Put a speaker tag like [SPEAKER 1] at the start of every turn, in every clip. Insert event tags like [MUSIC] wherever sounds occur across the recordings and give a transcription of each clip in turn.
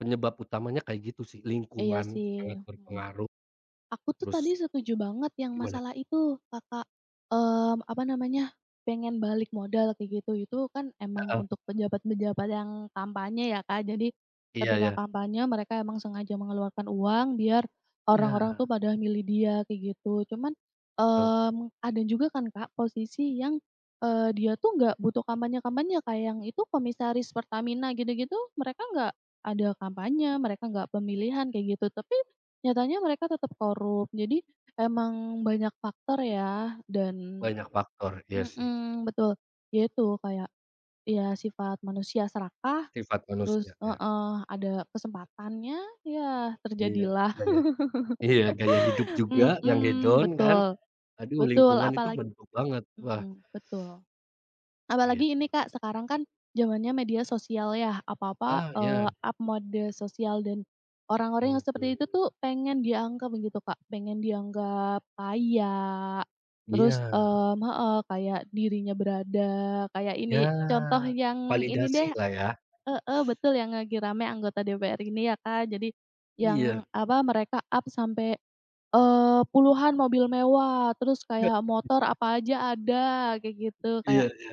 [SPEAKER 1] Penyebab utamanya kayak gitu sih
[SPEAKER 2] Iya
[SPEAKER 1] lingkungan
[SPEAKER 2] sih,
[SPEAKER 1] sangat
[SPEAKER 2] mhm,
[SPEAKER 1] berpengaruh,
[SPEAKER 2] aku tuh tadi
[SPEAKER 1] terus gi
[SPEAKER 2] setuju banget yang
[SPEAKER 1] gimana?
[SPEAKER 2] masalah itu Kakak, mmm, apa namanya pengen balik modal kayak gitu itu kan emang
[SPEAKER 1] Heeh.
[SPEAKER 2] untuk pejabat-pejabat yang kampanye ya Kak, jadi,
[SPEAKER 1] Iya
[SPEAKER 2] ketika
[SPEAKER 1] iya.
[SPEAKER 2] kampanye mereka emang sengaja mengeluarkan uang biar, orang-orang
[SPEAKER 1] Iya.
[SPEAKER 2] tuh pada milih dia kayak gitu. Cuman,
[SPEAKER 1] Betul.
[SPEAKER 2] mmm, ada juga kan Kak, posisi yang, eee, dia tuh gak butuh kampanye kampanye Kak, yang itu komisaris Pertamina gitu gitu mereka gak ada kampanye, mereka gak pemilihan kayak gitu tapi, nyatanya mereka tetap korup jadi emang banyak faktor ya dan
[SPEAKER 1] Banyak faktor, iya sih.
[SPEAKER 2] mhm, betul ya itu kayak, ya sifat manusia serakah,
[SPEAKER 1] Sifat manusia,
[SPEAKER 2] terus
[SPEAKER 1] iya.
[SPEAKER 2] heeh, ada kesempatannya ya
[SPEAKER 1] Iya
[SPEAKER 2] terjadilah,
[SPEAKER 1] gaya iya gaya hidup juga
[SPEAKER 2] [LAUGHS]
[SPEAKER 1] yang
[SPEAKER 2] mhm,
[SPEAKER 1] hedon kan,
[SPEAKER 2] betul,
[SPEAKER 1] aduh
[SPEAKER 2] betul
[SPEAKER 1] lingkungan itu
[SPEAKER 2] apalagi
[SPEAKER 1] mendukung banget, wah.
[SPEAKER 2] mhm, betul, apalagi ini
[SPEAKER 1] Gitu.
[SPEAKER 2] Kak, sekarang kan zamannya media sosial ya apa-apa,
[SPEAKER 1] Ah,
[SPEAKER 2] eee,
[SPEAKER 1] iya.
[SPEAKER 2] up mode sosial dan,
[SPEAKER 1] Oh
[SPEAKER 2] orang-orang yang seperti
[SPEAKER 1] betul.
[SPEAKER 2] itu tuh pengen dianggap gitu Kak, pengen dianggap kaya, terus,
[SPEAKER 1] Iya.
[SPEAKER 2] mmm, heeh, kayak dirinya berada kayak
[SPEAKER 1] Ya,
[SPEAKER 2] ini contoh yang ini deh
[SPEAKER 1] validasi lah ya.
[SPEAKER 2] heeh, betul yang lagi rame anggota DPR ini ya Kak, jadi, yang
[SPEAKER 1] Iya.
[SPEAKER 2] apa mereka up sampai, eee, puluhan mobil mewah terus kayak
[SPEAKER 1] [UNINTELLIGIBLE]
[SPEAKER 2] motor apa aja ada kayak gitu kayak,
[SPEAKER 1] Iya iya.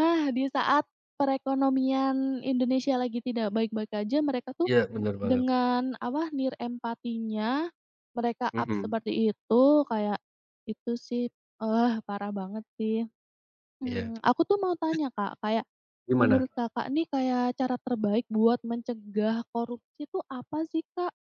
[SPEAKER 2] ah, di saat perekonomian Indonesia lagi tidak baik-baik aja mereka tuh,
[SPEAKER 1] Iya benar banget.
[SPEAKER 2] dengan apa nirempatinya, mereka up
[SPEAKER 1] Mhm.
[SPEAKER 2] seperti itu kayak, itu sih, ah, parah banget sih,
[SPEAKER 1] Iya.
[SPEAKER 2] mmm, aku tuh mau tanya Kak, kayak, menurut
[SPEAKER 1] Gimana?
[SPEAKER 2] Kakak, nih kayak cara terbaik buat mencegah korupsi itu apa sih, Kak?